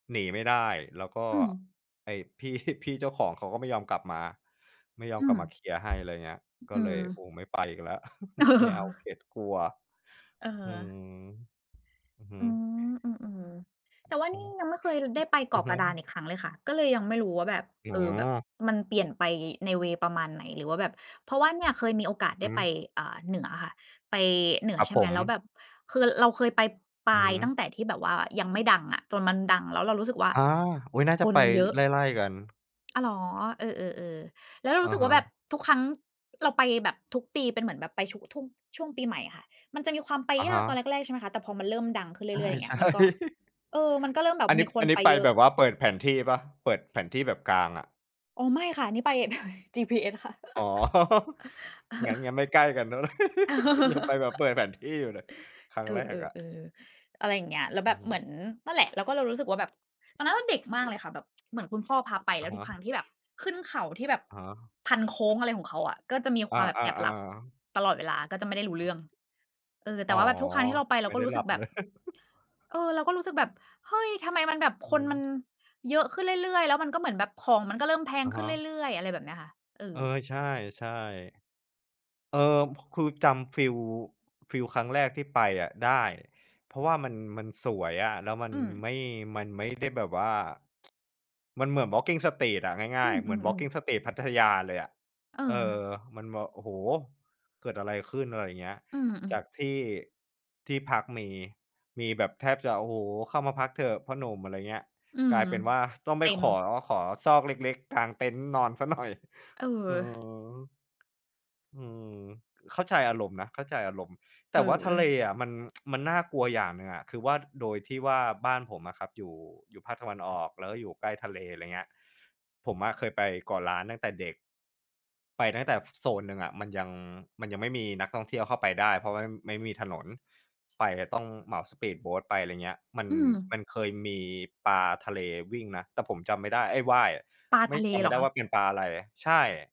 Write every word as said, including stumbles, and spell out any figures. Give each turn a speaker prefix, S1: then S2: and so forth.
S1: หนีไม่ได้ แล้วก็
S2: อืม
S1: ไอ้ พี่ พี่เจ้าของเขาก็ไม่ยอมกลับมา ไม่ยอม
S2: อื
S1: กลับ
S2: ม
S1: มาเคลียร์ให้ อะไรเงี้ย
S2: อ
S1: ก็
S2: อื
S1: เล
S2: ม
S1: ย โอ้ ไม่ไปอีกแล้ว ไม่เอาเข็ด กลัว
S2: อือฮ
S1: อืม
S2: ึ
S1: อือฮึ
S2: อืม อืม ๆ แต่ว่า
S1: อ
S2: น
S1: ื
S2: ี่
S1: อ
S2: ยังไม่เคย ล ได้ไปเ
S1: อ
S2: ก
S1: อื
S2: า
S1: อ
S2: ะ
S1: ฮ
S2: กระดาน
S1: ึ
S2: อีกครั้งเลยค่ะ ก็เลยยังไม่รู้ว่า แบบ
S1: อ๋
S2: เออ แบบ
S1: อ
S2: มันเปลี่ยนไปในเวย์ประมาณไหน หรือว่าแบบ เพราะว่าเนี่ยเคยมีโอก
S1: อ
S2: า
S1: ื
S2: ส
S1: อ
S2: ได
S1: ฮ
S2: ้ไป
S1: ึ
S2: อ่า เหนืออะค่ะ ไปเหนื
S1: ค
S2: อ
S1: รับ
S2: ใช่
S1: ผ
S2: ไหม แล้ว
S1: ม
S2: แบบ คือเราเคยไปปา
S1: อือฮ
S2: ยตั้
S1: ึ
S2: งแต่ที่แบบว่ายังไม่ดังอะ จนมันดัง แล้วเรารู้สึกว่า
S1: อา อุ๊ย น่า
S2: ค
S1: จะไ
S2: น
S1: ป
S2: เยอะ
S1: ไล่ ๆ กัน
S2: อ้าว เหรอ เออ ๆ ๆ แล้วเรา
S1: อ
S2: รู
S1: ะ
S2: ้สึก
S1: ฮ
S2: ว่า แบบ
S1: ะ
S2: ทุกครั้งเราไปแบบทุกปีเป็นเหมือนแบบไปชุ ทุ่ง ช่วงปีใหม่อะค่ะ มันจะมีความไป
S1: อะ
S2: ย
S1: ฮ
S2: ากต
S1: ะ
S2: อนแรก ๆ ใช่ไหมคะ แต่พอมันเริ่มดังขึ้นเรื
S1: ใ
S2: ่อย ๆ อย่างเง
S1: ช
S2: ี้
S1: ่
S2: ย มันก็
S1: ๆ
S2: เออ มันก็เริ่มแบ
S1: อ
S2: บ
S1: ันนี
S2: มี
S1: ้
S2: ค
S1: อั
S2: น
S1: นนี
S2: ไ
S1: ้
S2: ป
S1: ไป
S2: เยอ
S1: แบ
S2: ะ
S1: บว่าเปิดแผนที่เปล่า? เปิดแผนที่แบบกางอะ
S2: อ๋อ ไม่ค่ะ นี่ไป GPS ค่ะ
S1: อ๋อ งั้น งั้นไม่ใกล้กันแล้ว ยังไปแบบเปิดแผนที่อยู่เลย ครั้ง
S2: เออ
S1: แรกอะ
S2: ๆ ๆ อะไรอย่างเงี้ย แล้ว
S1: อ
S2: แ
S1: ื
S2: บ
S1: อ
S2: บ
S1: ฮ
S2: เหมื
S1: ึ
S2: อน นั่นแหละ เราก็เลยรู้สึกว่า แบบตอนนั้นเราเด็กมากเลยค่ะ แบบเหมือนคุณพ่อพาไป แ
S1: อ
S2: ล
S1: ะ
S2: ้ว
S1: ฮ
S2: ทุกครั้ง
S1: ะ
S2: ที่แบบขึ้นเขาที่แบบ
S1: อะฮะ
S2: พัน โค้ง อะไรของเขาอะ ก็จะมี
S1: อ
S2: คว
S1: า
S2: ามแบบแอบหลับ
S1: ๆ ๆ
S2: ตลอดเวลา ก็จะไม่ได้รู้เรื่อง เออ แ
S1: อ
S2: ต
S1: ๋
S2: ่
S1: อ
S2: ว่าแบบทุกครั้งที่เราไป เ
S1: ไ
S2: ร
S1: ม
S2: า
S1: ่
S2: ก
S1: ไ
S2: ็
S1: ด้
S2: รู้
S1: หล
S2: ส
S1: ั
S2: ึก
S1: บ
S2: แบ
S1: เล
S2: บ
S1: ย
S2: เออ เราก็รู้สึกแบบ เฮ้ย ทำไมมันแบบ
S1: อือ
S2: คน
S1: ฮ
S2: มัน
S1: ึ
S2: เยอะขึ้นเรื่อย ๆ แล้วมันก็เหมือนแบบของมันก็เริ่มแพ
S1: อ
S2: ง
S1: ะ
S2: ข
S1: ฮ
S2: ึ้นเ
S1: ะ
S2: รื่อย ๆ อะไรแบบเนี้ยค่ะ เออ
S1: เออ ใช่ ๆ เออ ค คือจำฟีล ฟีลครั้งแรกที่ไปอะได้ เพราะว่ามัน มันสวยอะ แล้วมัน
S2: อืม
S1: ไม่ มันไม่ได้แบบว่า มันเหมือน Walking Street อะ ง่
S2: อื
S1: าย ๆ เหมือน
S2: อ ๆ ๆ
S1: Walking Street พัทยาเลยอะ
S2: เ
S1: เออ
S2: ออ
S1: มันแบบ โอ้โฮ! เกิดอะไรขึ้น? อะไรเงี้ย
S2: อืม
S1: จา
S2: ๆ
S1: กที่ ที่พักมี มีแบบแทบจะ โอ้โฮ! เข้ามาพักเถอะพ่อหนุ่ม อะไรเงี้ย
S2: อื
S1: ก
S2: อ
S1: ลายเป็นว่า ต้อง
S2: เ
S1: ไ
S2: ต
S1: ป
S2: ็
S1: ขอ
S2: ม
S1: ขอซอกเล็ก ๆ กลางเต็นท์นอนเสียหน่อย
S2: เ
S1: อือฮ
S2: ออ
S1: ึ อืม เข้าใจอารมณ์นะ เข้าใจอารมณ์ แต
S2: เ
S1: ่ว่าทะเล
S2: ออ
S1: อะมัน มันน่ากลัวอย่างหนึ่งอะ คือว่า โดยที่ว่า บ้านผมอะครับอยู่ อยู่ภาคตะวันออกแล้วก็อยู่ใกล้ทะเล อะไรเงี้ย ผมอะเคยไปเกาะล้านตั้งแต่เด็ก ไปตั้งแต่ ฝ โซนหนึ่งอะมันยัง มันยังไม่มีนักท่องเที่ยวเข้าไปได้ เพราะว่า ม ไม่มีถนน ไปจะต้องเหมาสปีดโบตไป ไรเงี้ย มัน
S2: อื
S1: ม
S2: ม
S1: ันเคยมีปลาทะเลวิ่งนะ แต่ผมจำไม่ได้ เอ๊ย ว่ายอะ
S2: ปลา
S1: ไม่
S2: ทะเล
S1: จำไม
S2: เห
S1: ่
S2: ร
S1: ได
S2: อ
S1: ้
S2: ค
S1: ว
S2: ะ?
S1: ่าเป็นปลาอะไร ใช่